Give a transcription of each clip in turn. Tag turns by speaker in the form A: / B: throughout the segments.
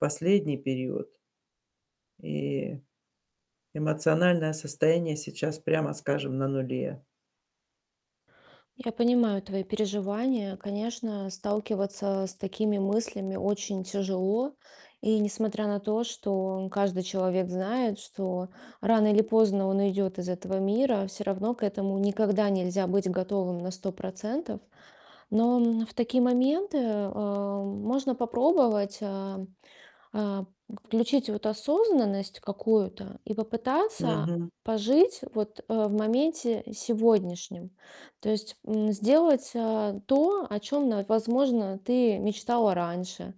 A: Последний период. И эмоциональное состояние сейчас, прямо скажем, на нуле.
B: Я понимаю твои переживания. Конечно, сталкиваться с такими мыслями очень тяжело. И несмотря на то, что каждый человек знает, что рано или поздно он уйдет из этого мира, всё равно к этому никогда нельзя быть готовым на 100 %. Но, м, в такие моменты, э, можно попробовать, а, а, включить вот осознанность какую-то и попытаться
A: Мгм.
B: пожить вот, э, в моменте сегодняшнем. То есть, м, сделать, э, то, о чём на возможно, ты мечтала раньше,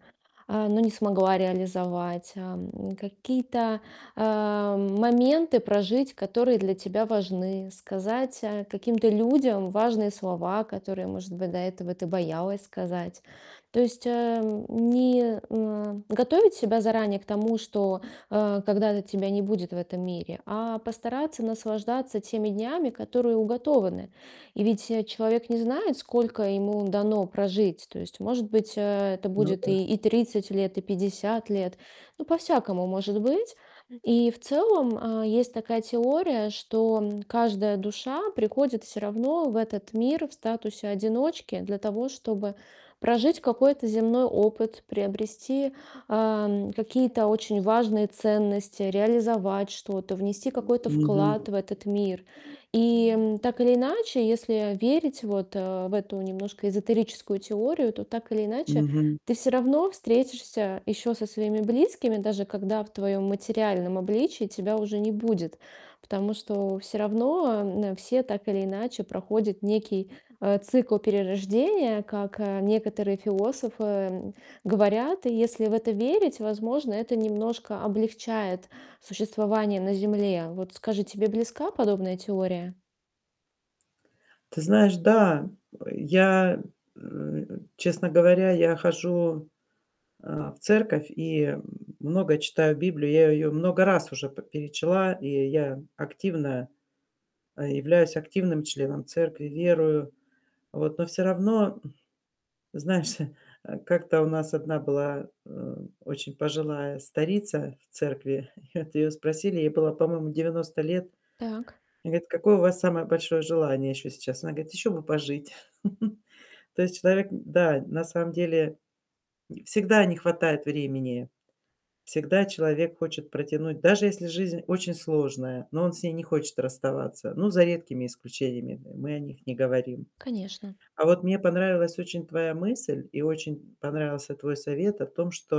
B: а, но не смогла реализовать, ам. Какие-то, э, моменты прожить, которые для тебя важны. Сказать, а, каким-то людям важные слова, которые, может быть, до этого ты боялась сказать. То есть, эм, не, м, а, готовить себя заранее к тому, что, э, когда-то тебя не будет в этом мире, а постараться наслаждаться теми днями, которые уготованы. И ведь, э, человек не знает, сколько ему дано прожить. То есть, может быть, э, это
A: Ну
B: будет
A: да.
B: и и 30 лет, и 50 лет. Ну, по-всякому может быть. И в целом, э, есть такая теория, что, м, каждая душа приходит всё равно в этот мир в статусе одиночки для того, чтобы прожить какой-то земной опыт, приобрести, эм, какие-то очень важные ценности, реализовать что-то, внести какой-то
A: Мгм.
B: вклад в этот мир. И, м, так или иначе, если верить вот, э, в эту немножко эзотерическую теорию, то, так или иначе,
A: Мгм.
B: ты всё равно встретишься еще со своими близкими, даже когда в твоем материальном обличии тебя уже не будет, потому что всё равно, м, все, так или иначе, проходят некий, э, цикл перерождения, как, э, некоторые философы, м, говорят. И если в это верить, возможно, это немножко облегчает существование на Земле. Вот скажи, тебе близка подобная теория?
A: Ты знаешь, да. Э, я, э, честно говоря, я хожу, э, в церковь и много читаю Библию. Я ее много раз уже п перечла, и я активно э, являюсь активным членом церкви, верую. Вот. Но всё равно, м Знаешь, э, как-то у нас одна была, э, очень пожилая старица в церкви, и вот ее спросили- ей было, по-моему, 90 лет-
B: Так.
A: ей говорят: "Какое у вас самое большое желание еще сейчас?" Она говорит: "Еще бы пожить". То есть человек н да, на самом деле н всегда не хватает времени, всегда человек хочет протянуть, даже если жизнь очень сложная, но он с ней не хочет расставаться. Ну, за редкими исключениями, м мы о них не говорим.
B: Конечно.
A: А вот мне понравилась очень твоя мысль и очень понравился твой совет о том, что